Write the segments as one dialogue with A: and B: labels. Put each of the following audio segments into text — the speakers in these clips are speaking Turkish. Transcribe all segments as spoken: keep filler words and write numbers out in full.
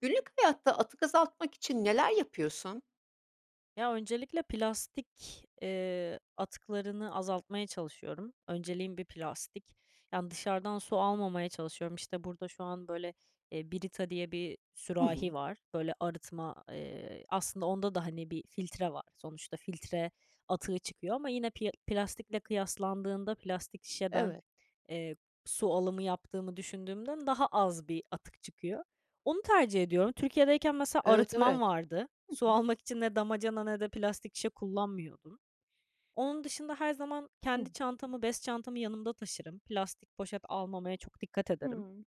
A: Günlük hayatta atık azaltmak için neler yapıyorsun?
B: Ya, öncelikle plastik, eee, atıklarını azaltmaya çalışıyorum. Önceliğim bir plastik. Yani, dışarıdan su almamaya çalışıyorum. İşte, burada şu an böyle, eee, "Brita" diye bir
A: Hı
B: sürahi
A: hı.
B: var. Böyle arıtma, eee, aslında onda da, hani, bir filtre var. Sonuçta filtre atığı çıkıyor ama yine pi eee, plastikle kıyaslandığında, plastik şişeden,
A: Evet.
B: eee, su alımı yaptığımı düşündüğümden daha az bir atık çıkıyor. Onu tercih ediyorum. Türkiye'deyken mesela
A: Evet,
B: arıtmam
A: evet.
B: vardı.
A: Hı
B: Su
A: hı.
B: almak için ne damacana ne de plastik şişe kullanmıyordum. Onun dışında her zaman
A: Hı.
B: kendi çantamı, bez çantamı yanımda taşırım. Plastik poşet almamaya çok dikkat ederim.
A: Hıı.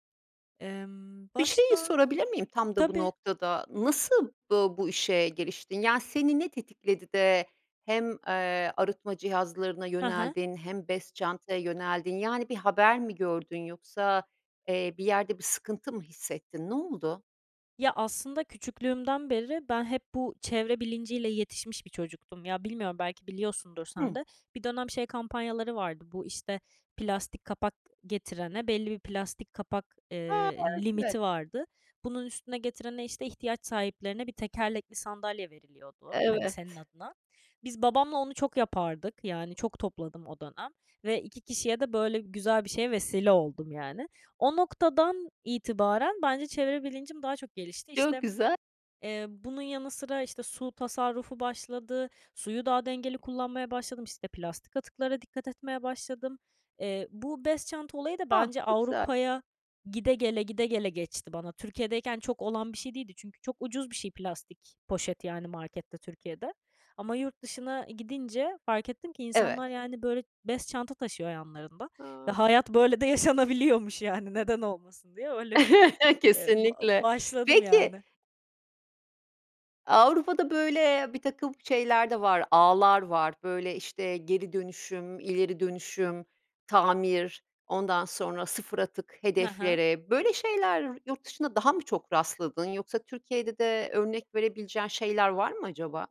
B: Emm,
A: Bir şeyi
B: başka
A: sorabilir miyim tam da bu
B: Tabii.
A: noktada, nasıl, ııı, bu işe giriştin? Yani, seni ne tetikledi de hem, eee, arıtma cihazlarına
B: Hı hı.
A: yöneldin hem bez çantaya yöneldin, yani, bir haber mi gördün yoksa, eee, bir yerde bir sıkıntı mı hissettin, ne oldu?
B: Ya, aslında küçüklüğümden beri ben hep bu çevre bilinciyle yetişmiş bir çocuktum, ya, bilmiyorum, belki biliyorsundur sen
A: Hı.
B: de. Bir dönem şey kampanyaları vardı bu, işte, plastik kapak getirene, belli bir plastik kapak,
A: A!
B: eee,
A: Evet, evet.
B: limiti vardı. Bunun üstüne getirene, işte, ihtiyaç sahiplerine bir tekerlekli sandalye veriliyordu, hani,
A: Evet.
B: senin adına. Biz babamla onu çok yapardık. Yani, çok topladım o dönem ve iki kişiye de böyle güzel bir şeye vesile oldum, yani. O noktadan itibaren bence çevre bilincim daha çok gelişti.
A: Çok
B: İşte,
A: güzel.
B: eee, bunun yanı sıra, işte, su tasarrufu başladı, suyu daha dengeli kullanmaya başladım, işte, plastik atıklara dikkat etmeye başladım. Eee, bu bez çanta olayı da
A: Ah,
B: bence
A: çok güzel.
B: Avrupa'ya gide gele, gide gele geçti bana. Türkiye'deyken çok olan bir şey değildi çünkü çok ucuz bir şey plastik poşet, yani, markette Türkiye'de ama yurt dışına gidince fark ettim ki
A: Evet.
B: insanlar, yani, böyle, bez çanta taşıyor yanlarında ve
A: A!
B: hayat böyle de yaşanabiliyormuş, yani, neden olmasın diye. Öyle bir, eee, ba
A: Kesinlikle.
B: başladım,
A: Peki
B: yani.
A: Avrupa'da böyle birtakım şeyler de var, ağlar var, böyle, işte, geri dönüşüm, ileri dönüşüm, tamir, ondan sonra, sıfır atık
B: He he.
A: hedefleri, böyle şeyler yurt dışında daha mı çok rastladın, yoksa Türkiye'de de örnek verebileceğin şeyler var mı acaba?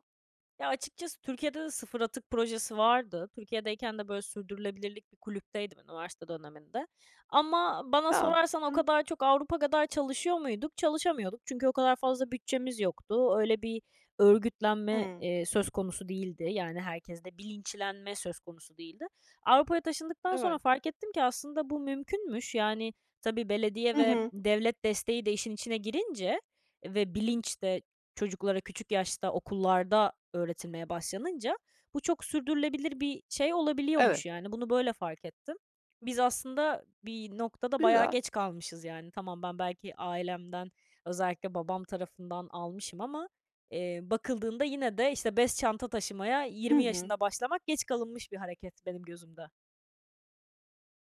B: Ya, açıkçası Türkiye'de de sıfır atık projesi vardı. Türkiye'deyken de, böyle, sürdürülebilirlik bir kulüpteydim üniversite döneminde. Ama bana
A: A!
B: sorarsan o
A: Güzel.
B: kadar çok Avrupa kadar çalışıyor muyduk? Çalışamıyorduk çünkü o kadar fazla bütçemiz yoktu. Öyle bir örgütlenme,
A: Hı.
B: eee, söz konusu değildi, yani, herkeste bilinçlenme söz konusu değildi. Avrupa'ya taşındıktan sonra
A: Evet.
B: fark ettim ki aslında bu mümkünmüş. Yani, tabii belediye
A: Hı
B: ve
A: hı.
B: devlet desteği de işin içine girince ve bilinç de çocuklara küçük yaşta okullarda öğretilmeye başlanınca bu çok sürdürülebilir bir şey
A: Evet.
B: olabiliyormuş, yani. Bunu böyle fark ettim. Biz aslında bir noktada bayağı
A: Güzel.
B: geç kalmışız, yani. Tamam ben belki ailemden, özellikle babam tarafından, almışım ama, eee, bakıldığında yine de, işte, bez çanta taşımaya
A: Hı
B: yirmi
A: hı.
B: yaşında başlamak geç kalınmış bir hareket benim gözümde.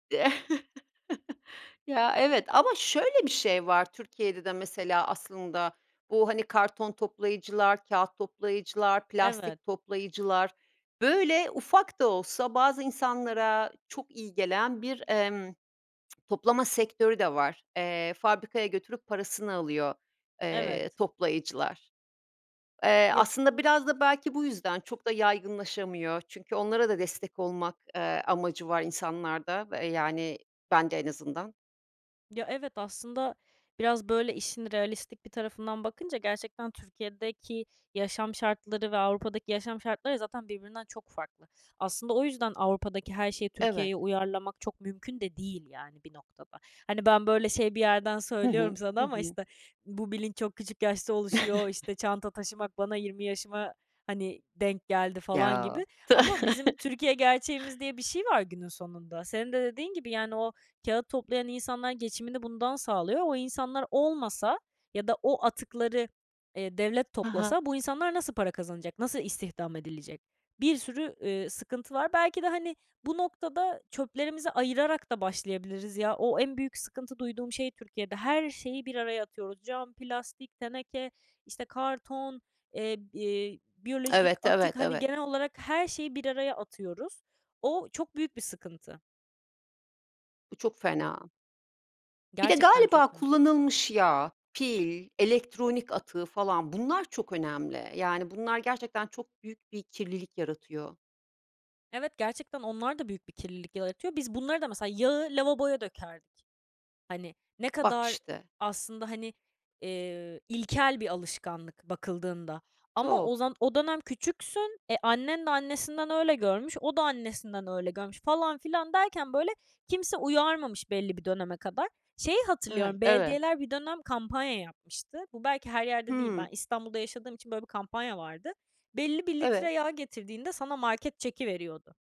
A: Ya, evet. Ama şöyle bir şey var Türkiye'de de mesela aslında. Bu, hani, karton toplayıcılar, kâğıt toplayıcılar,
B: Evet.
A: plastik toplayıcılar, böyle, ufak da olsa bazı insanlara çok iyi gelen bir, emm, toplama sektörü de var. Eee, fabrikaya götürüp parasını alıyor, eee,
B: Evet.
A: toplayıcılar. Eee,
B: Ya
A: aslında biraz da belki bu yüzden çok da yaygınlaşamıyor. Çünkü onlara da destek olmak, eee, amacı var insanlarda, eee, yani, bende en azından.
B: Ya, evet aslında biraz, böyle, işin realistik bir tarafından bakınca gerçekten Türkiye'deki yaşam şartları ve Avrupa'daki yaşam şartları zaten birbirinden çok farklı. Aslında o yüzden Avrupa'daki her şeyi
A: Evet.
B: Türkiye'ye uyarlamak çok mümkün de değil, yani, bir noktada. Hani, ben böyle şey bir yerden
A: Hı
B: söylüyorum
A: hı. Hı
B: sana ama,
A: hı.
B: işte, bu bilinç çok küçük yaşta oluşuyor, işte, çanta taşımak bana yirmi yaşıma, hani, denk geldi falan gibi.
A: Ya.
B: Ama bizim Türkiye gerçeğimiz diye bir şey var günün sonunda. Senin de dediğin gibi, yani, o kâğıt toplayan insanlar geçimini bundan sağlıyor. O insanlar olmasa ya da o atıkları, eee, devlet
A: Hı hı.
B: toplasa bu insanlar nasıl para kazanacak, nasıl istihdam edilecek? Bir sürü, eee, sıkıntı var. Belki de, hani, bu noktada çöplerimizi ayırarak da başlayabiliriz. Ya, o en büyük sıkıntı duyduğum şey Türkiye'de, her şeyi bir araya atıyoruz. Cam, plastik, teneke, işte, karton, eee, bi biyolojik
A: Evet, evet,
B: atık, hani,
A: evet.
B: genel olarak her şeyi bir araya atıyoruz. O çok büyük bir sıkıntı.
A: Bu çok fena. Bir de,
B: Gerçekten
A: galiba,
B: çok mu?
A: kullanılmış yağ, pil, elektronik atığı falan, bunlar çok önemli, yani, bunlar gerçekten çok büyük bir kirlilik yaratıyor.
B: Evet, gerçekten onlar da büyük bir kirlilik yaratıyor. Biz bunları da, mesela, yağı lavaboya dökerdik. Hani, ne
A: Bak
B: kadar
A: işte.
B: aslında, hani, eee, ilkel bir alışkanlık bakıldığında. Ama
A: Çok.
B: o zan o dönem küçüksün, e, annen de annesinden öyle görmüş, o da annesinden öyle görmüş falan filan derken, böyle, kimse uyarmamış belli bir döneme kadar. Şeyi hatırlıyorum,
A: [unintelligible] Evet.
B: belediyeler bir dönem kampanya yapmıştı. Bu, belki, her yerde değil. Ben
A: Hımm.
B: İstanbul'da yaşadığım için böyle bir kampanya vardı. Belli bir
A: Evet.
B: litre yağ getirdiğinde sana market çeki veriyordu.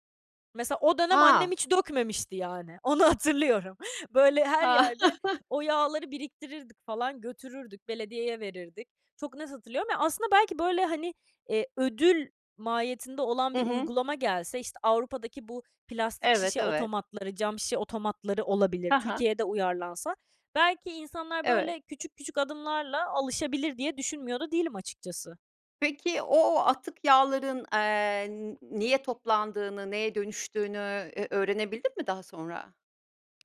B: Mesela, o dönem annem
A: Ha.
B: hiç dökmemişti, yani. Onu hatırlıyorum. Böyle, her
A: Ha.
B: yerde o yağları biriktirirdik falan, götürürdük, belediyeye verirdik. Çok net hatırlıyorum. Aslında, belki, böyle, hani, eee, ödül mahiyetinde olan
A: Hı
B: bir
A: hı.
B: uygulama gelse, işte, Avrupa'daki bu plastik
A: Evet,
B: şişe
A: evet.
B: otomatları, cam şişe otomatları olabilir,
A: Hı hı.
B: Türkiye'de uyarlansa, "Belki, insanlar
A: Evet.
B: böyle küçük, küçük adımlarla alışabilir," diye düşünmüyor da değilim, açıkçası.
A: Peki, o atık yağların, eee, niye toplandığını, neye dönüştüğünü, eee, öğrenebildin mi daha sonra?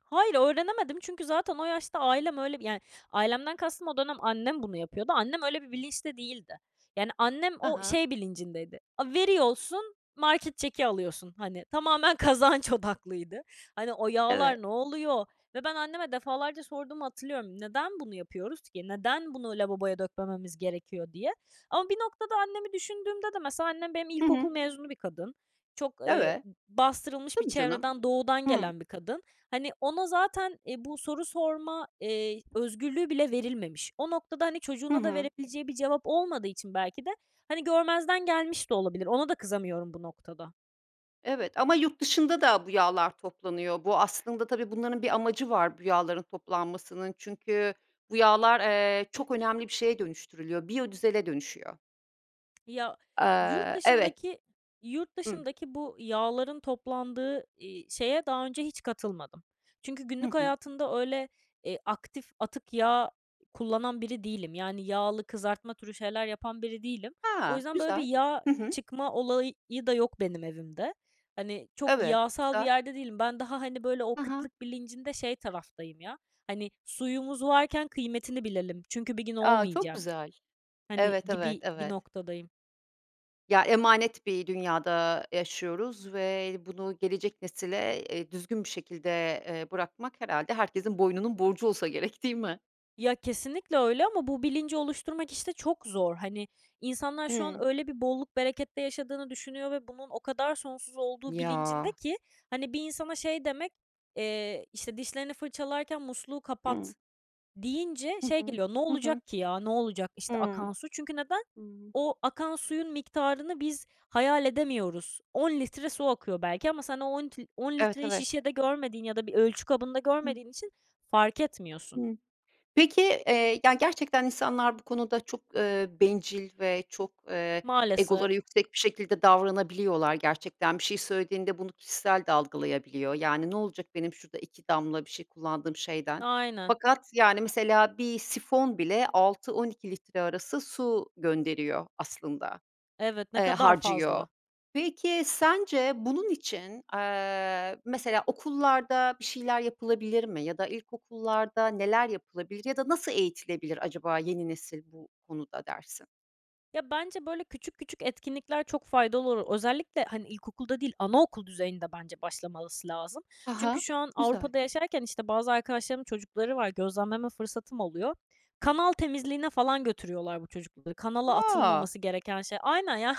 B: Hayır, öğrenemedim çünkü zaten o yaşta ailem öyle yani, ailemden kastım o dönem annem bunu yapıyordu. Annem öyle bir bilinçte değildi. Yani, annem
A: Hı
B: o,
A: hı.
B: şey bilincindeydi, "A, veriyorsun, market çeki alıyorsun." Hani, tamamen kazanç odaklıydı. Hani, o
A: Evet.
B: yağlar ne oluyor ve ben anneme defalarca sorduğumu hatırlıyorum, "Neden bunu yapıyoruz ki? Neden bunu lavaboya dökmememiz gerekiyor?" diye. Ama bir noktada annemi düşündüğümde de, mesela, annem benim
A: Hı hı.
B: ilkokul mezunu bir kadın. Çok, eee,
A: Evet.
B: b bastırılmış bir
A: Tabii canım.
B: çevreden, doğudan
A: Hımm.
B: gelen bir kadın. Hani, ona zaten, eee, bu soru sorma, eee, i özgürlüğü bile verilmemiş. O noktada, hani,
A: Hı
B: çocuğuna da
A: hı.
B: verebileceği bir cevap olmadığı için belki de, hani, görmezden gelmiş de olabilir. Ona da kızamıyorum bu noktada.
A: Evet, ama yurt dışında da bu yağlar toplanıyor, bu aslında tabii, bunların bir amacı var, bu yağların toplanmasının, çünkü bu yağlar, eee, çok önemli bir şeye dönüştürülüyor, biyodizele dönüşüyor.
B: Ya, yurt
A: Eee, evet.
B: dışındaki yurt
A: Hı.
B: dışındaki bu yağların toplandığı, iii, şeye daha önce hiç katılmadım. Çünkü
A: Hı
B: günlük
A: hı.
B: hayatımda öyle, eee, aktif atık yağ kullanan biri değilim. Yani, yağlı kızartma türü şeyler yapan biri değilim. O
A: Ha,
B: yüzden, böyle, bir
A: güzel.
B: yağ
A: Hı hı.
B: çıkma olayı da yok benim evimde. Hani, çok
A: Evet,
B: yağsal bir
A: güzel.
B: yerde değilim. Ben daha, hani, böyle, o
A: Hı hı.
B: kıtlık bilincinde şey taraftayım, ya. Hani, suyumuz varken kıymetini bilelim çünkü bir gün
A: A, çok
B: olmayacak,
A: güzel.
B: hani,
A: Evet, evet,
B: gibi bir
A: evet.
B: noktadayım.
A: Ya, emanet bir dünyada yaşıyoruz ve bunu gelecek nesile, eee, düzgün bir şekilde, eee, bırakmak herhâlde herkesin boynunun borcu olsa gerek, değil mi?
B: Ya, kesinlikle öyle ama bu bilinci oluşturmak, işte, çok zor. Hani, insanlar şu an
A: Hı.
B: öyle bir bolluk, berekette yaşadığını düşünüyor ve bunun o kadar sonsuz olduğu
A: Ya.
B: bilincindeki, hani, bir insana şey demek, eee, işte, "Dişlerini fırçalarken musluğu
A: Hı.
B: kapat." deyince
A: Hı
B: şey
A: hı.
B: geliyor, ne
A: Hı hı.
B: olacak ki, ya, ne olacak, işte,
A: Hıı.
B: akan su? Çünkü neden?
A: Hı.
B: O akan suyun miktarını biz hayal edemiyoruz. on litre su akıyor belki ama sen o on lit on
A: Evet,
B: litreyi
A: evet.
B: şişede görmediğin ya da bir ölçü kabında
A: Hı.
B: görmediğin için fark etmiyorsun.
A: Hı. Peki, eee, yani, gerçekten insanlar bu konuda çok, ııı, bencil ve çok, ııı,
B: Maalesef.
A: egoları yüksek bir şekilde davranabiliyorlar gerçekten. Bir şey söylediğinde bunu kişisel de algılayabiliyor. Yani, ne olacak benim şurada iki damla bir şey kullandığım şeyden.
B: Aynen.
A: Fakat, yani, mesela bir sifon bile altı on iki litre arası su gönderiyor aslında,
B: Evet, ne
A: eee,
B: kadar
A: harcıyor.
B: fazla.
A: Peki, sence bunun için, aaa, mesela okullarda bir şeyler yapılabilir mi ya da ilkokullarda neler yapılabilir ya da nasıl eğitilebilir acaba yeni nesil bu konuda dersin?
B: Ya, bence, böyle, küçük küçük etkinlikler çok faydalı olur. Özellikle, hani, ilkokulda değil anaokul düzeyinde, bence, başlamalısı lazım.
A: Ha
B: Çünkü
A: ha.
B: şu an
A: Güzel.
B: Avrupa'da yaşarken, işte, bazı arkadaşlarımın çocukları var, gözlemleme fırsatım oluyor. Kanal temizliğine falan götürüyorlar bu çocukları, kanala
A: A!
B: atılmaması gereken şey. Aynen, yani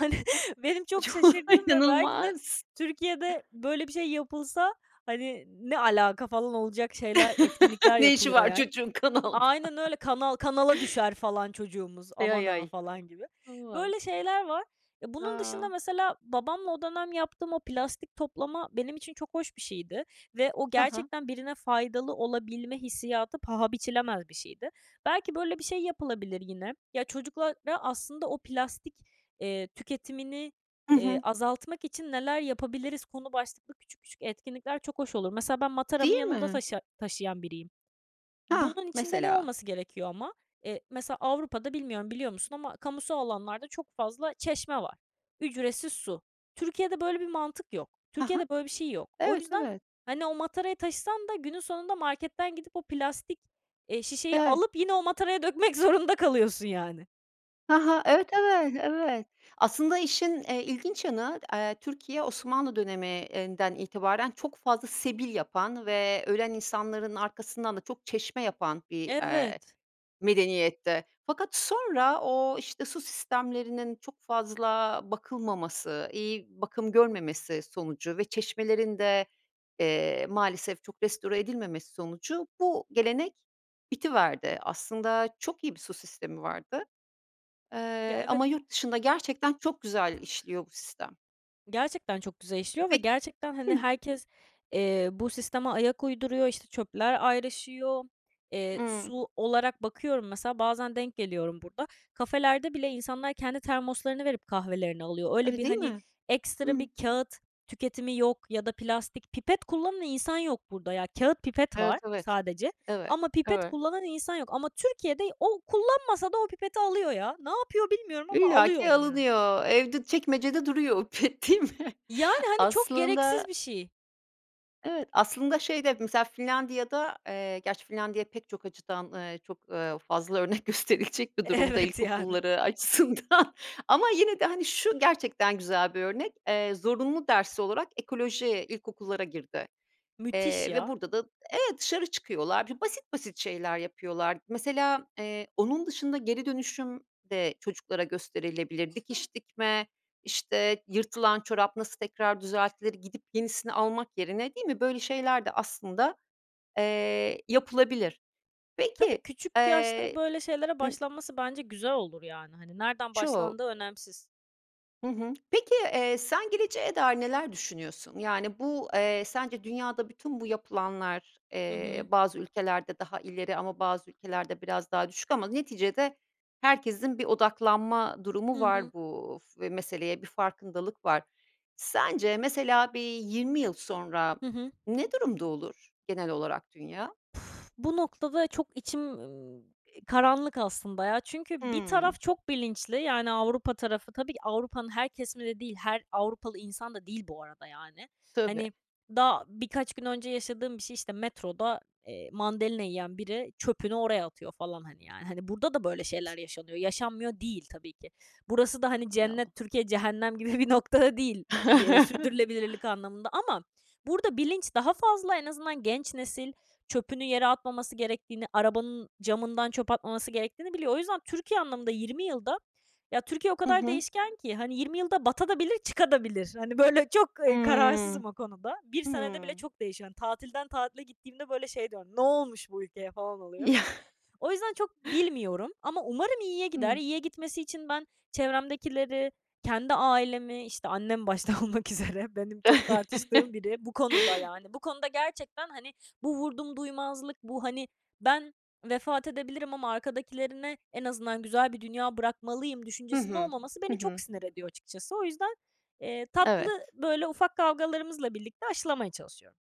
B: benim çok
A: Ço
B: şaşırdığım ve belki de
A: inanılmaz.
B: Türkiye'de böyle bir şey yapılsa, hani, ne alaka falan olacak şeyler, etkinlikler
A: Ne işi
B: yapılıyor,
A: var
B: yani.
A: çocuğun kanalda?
B: Aynen öyle Kanal kanala düşer falan çocuğumuz,
A: Ay, ay,
B: aman ha,
A: ay.
B: falan gibi.
A: Aman.
B: Böyle şeyler var. E, bunun dışında,
A: A!
B: mesela, babamla o dönem yaptığım o plastik toplama benim için çok hoş bir şeydi ve o
A: Ha ha.
B: gerçekten birine faydalı olabilme hissiyatı paha biçilemez bir şeydi. Belki böyle bir şey yapılabilir yine. Ya, çocuklara, aslında, o "Plastik, eee, tüketimini,
A: Hı
B: iii,
A: hı.
B: azaltmak için neler yapabiliriz?" konu başlıklı küçük küçük etkinlikler çok hoş olur. Mesela, ben
A: Değil
B: mataramı yanımda
A: mi?
B: taşı taşıyan biriyim.
A: Hah!
B: Bunun içinde ne
A: Mesela.
B: olması gerekiyor ama? Eee, mesela, Avrupa'da, bilmiyorum biliyor musun ama, kamusal alanlarda çok fazla çeşme var. Ücretsiz su. Türkiye'de böyle bir mantık yok.
A: Ha ha.
B: Türkiye'de böyle bir şey yok. O
A: Evet,
B: yüzden,
A: evet.
B: hani, o matarayı taşısan da günün sonunda marketten gidip o plastik, eee, şişeyi
A: [unintelligible]
B: alıp yine o mataraya dökmek zorunda kalıyorsun, yani.
A: Ha ha. Evet, evet, evet. Aslında işin, eee, ilginç yanı d eee, Türkiye, Osmanlı döneminden itibaren çok fazla sebil yapan ve ölen insanların arkasından da çok çeşme yapan bir, eee,
B: Evet.
A: medeniyetti fakat sonra o, işte, su sistemlerinin çok fazla bakılmaması, iyi bakım görmemesi sonucu ve çeşmelerin de, eee, maalesef çok restore edilmemesi sonucu bu gelenek bitiverdi. Aslında çok iyi bir su sistemi vardı,
B: Ya,
A: eee,
B: evet.
A: ama yurt dışında gerçekten çok güzel işliyor bu sistem.
B: Gerçekten çok güzel
A: E,
B: işliyor ve
A: pek
B: gerçekten, hani,
A: Hı.
B: herkes, eee, bu sisteme ayak uyduruyor. İşte, çöpler ayrışıyor. Eee,
A: Imm.
B: su olarak bakıyorum mesela bazen denk geliyorum burada. Kafelerde bile insanlar kendi termoslarını verip kahvelerini alıyor. Öyle,
A: Öyle
B: bir,
A: değil
B: hani,
A: mi?
B: ekstra
A: Hı.
B: bir kâğıt tüketimi yok ya da plastik. Pipet kullanan insan yok burada, ya. Kâğıt pipet
A: Evet,
B: var
A: evet,
B: sadece
A: evet,
B: ama pipet
A: eve
B: kullanan insan yok ama Türkiye'de o kullanmasa da o pipeti alıyor, ya. Ne yapıyor bilmiyorum ama alıyor
A: İllaki
B: onu yani.
A: alınıyor, evde çekmecede duruyor o [unintelligible] değil mi?
B: Yani, hani, çok
A: Aslında
B: gereksiz bir şey.
A: Evet, aslında, şeyde, mesela Finlandiya'da, eee, gerçi Finlandiya pek çok açıdan, eee, çok, eee, fazla örnek gösterilecek bir durumda
B: Evet, yani.
A: ilkokulları açısından ama yine de, hani, şu gerçekten güzel bir örnek, eee, zorunlu ders olarak ekoloji ilkokullara girdi,
B: Müthiş
A: eee, ve
B: ya.
A: burada da, evet, dışarı çıkıyorlar, bir basit basit şeyler yapıyorlar. Mesela, eee, onun dışında geri dönüşüm de çocuklara gösterilebilir dikiş dikme, işte, yırtılan çorap nasıl tekrar düzeltilir, gidip yenisini almak yerine, değil mi, böyle şeyler de aslında, eee, yapılabilir.
B: Tabii,
A: Peki
B: küçük yaşta
A: eee
B: böyle şeylere
A: I
B: başlanması bence güzel olur, yani. Hani, nereden başlandığı
A: Çok.
B: önemsiz.
A: Hı hı. Peki, eee, sen geleceğe dair neler düşünüyorsun? Yani, bu, eee, sence dünyada bütün bu yapılanlar,
B: Hı
A: eee,
B: hı.
A: bazı ülkelerde daha ileri ama bazı ülkelerde biraz daha düşük ama neticede herkesin bir odaklanma durumu
B: Hı
A: var
B: hı.
A: bu f meseleye, bir farkındalık var. Sence, mesela, bir yirmi yıl sonra
B: Hı hı.
A: ne durumda olur genel olarak dünya?
B: Bu noktada çok içim [unintelligible] karanlık aslında ya çünkü bir
A: Hımm.
B: taraf çok bilinçli. Yani, Avrupa tarafı tabii ki Avrupa'nın her kesimi de değil, her Avrupalı insan da değil bu arada, yani.
A: Tabii.
B: Hani, daha birkaç gün önce yaşadığım bir şey işte, metroda, eee, mandalina yiyen biri çöpünü oraya atıyor falan, hani, yani. Hani, burada da böyle şeyler yaşanıyor, yaşanmıyor değil tabii ki. Burası da, hani,
A: Hay Allah!
B: cennet, Türkiye, cehennem gibi bir noktada değil bir, eee, sürdürülebilirlik anlamında ama burada bilinç daha fazla en azından genç nesil çöpünü yere atmaması gerektiğini, arabanın camından çöp atmaması gerektiğini biliyor. O yüzden Türkiye anlamında yirmi yılda, ya Türkiye o
A: Hı
B: kadar
A: hı.
B: değişken ki, hani, yirmi yılda batabilir de çıkabilir de. Hani, böyle çok, eee,
A: Hımm.
B: kararsızım o konuda. bir senede bile
A: Hımm.
B: çok değişiyor. Hani, tatilden tatile gittiğimde böyle şey diyorum, "Ne olmuş bu ülkeye?" falan, oluyorum. O yüzden çok bilmiyorum ama umarım iyiye gider.
A: Hımm.
B: İyiye gitmesi için ben çevremdekileri, kendi ailemi, işte, annem başta olmak üzere benim çok tartıştığım biri bu konuda, yani. Bu konuda gerçekten, hani, bu vurdumduymazlık, bu, hani, ben vefat edebilirim ama arkadakilere en azından güzel bir dünya bırakmalıyım
A: Hı
B: düşüncesinde
A: hı.
B: olmaması
A: Hı
B: beni çok
A: hı.
B: sinir ediyor açıkçası. O yüzden, eee, tatlı,
A: Evet.
B: böyle, ufak kavgalarımızla birlikte aşılamaya çalışıyorum.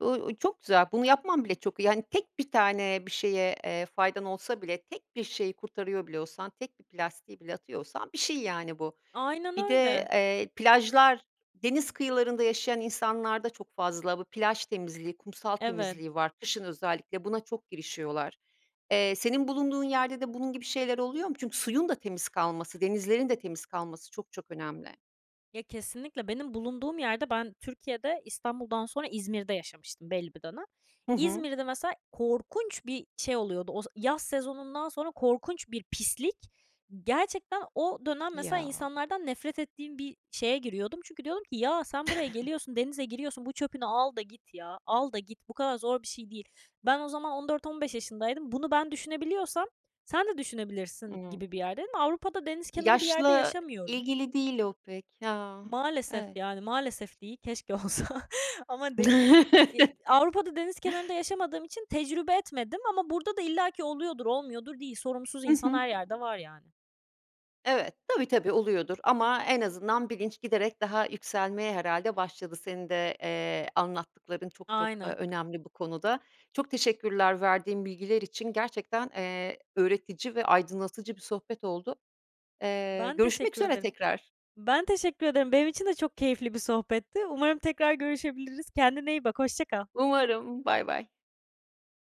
A: Iıı, ııı, çok güzel, bunu yapman bile çok iyi. Hani, tek bir tane bir şeye, eee, faydan olsa bile, tek bir şeyi kurtarıyor bile olsan, tek bir plastiği bile atıyor olsan bir şey, yani, bu.
B: Aynen
A: Bir de,
B: öyle.
A: eee, plajlar, deniz kıyılarında yaşayan insanlarda çok fazla bu plaj temizliği, kumsal
B: Evet.
A: temizliği var. Kışın özellikle buna çok girişiyorlar. Eee, senin bulunduğun yerde de bunun gibi şeyler oluyor mu? Çünkü suyun da temiz kalması, denizlerin de temiz kalması çok çok önemli.
B: Ya, kesinlikle, benim bulunduğum yerde ben Türkiye'de İstanbul'dan sonra İzmir'de yaşamıştım belli bir dönem.
A: Hı hı.
B: İzmir'de mesela korkunç bir şey oluyordu, o z yaz sezonundan sonra korkunç bir pislik. Gerçekten o dönem mesela
A: Ya.
B: insanlardan nefret ettiğim bir şeye giriyordum çünkü diyordum ki, "Ya, sen buraya geliyorsun, denize giriyorsun, bu çöpünü al da git ya, al da git." Bu kadar zor bir şey değil. Ben o zaman on dört on beş yaşındaydım. Bunu ben düşünebiliyorsam sen de düşünebilirsin
A: Hı.
B: gibi bir yerdeydim. Avrupa'da deniz kenarı bir yerde
A: Yaşla
B: yaşamıyorum.
A: ilgili değil o pek, ha,
B: Maalesef,
A: evet.
B: yani, maalesef değil, keşke olsa ama değil. Eee, Avrupa'da deniz kenarında yaşamadığım için tecrübe etmedim ama burada da illaki oluyordur, olmuyordur değil. Sorumsuz
A: Hı
B: insan
A: hı.
B: her yerde var, yani.
A: Evet, tabii, tabii oluyordur ama en azından bilinç giderek daha yükselmeye herhâlde başladı. Senin de, eee, anlattıkların çok, çok, eee,
B: Aynen.
A: önemli bu konuda. Çok teşekkürler verdiğin bilgiler için, gerçekten, eee, öğretici ve aydınlatıcı bir sohbet oldu. Eee,
B: Ben
A: görüşmek
B: teşekkür
A: üzere
B: ederim.
A: tekrar.
B: Ben teşekkür ederim. Benim için de çok keyifli bir sohbetti. Umarım tekrar görüşebiliriz. Kendine iyi bak. Hoşça kal.
A: Umarım, baybay.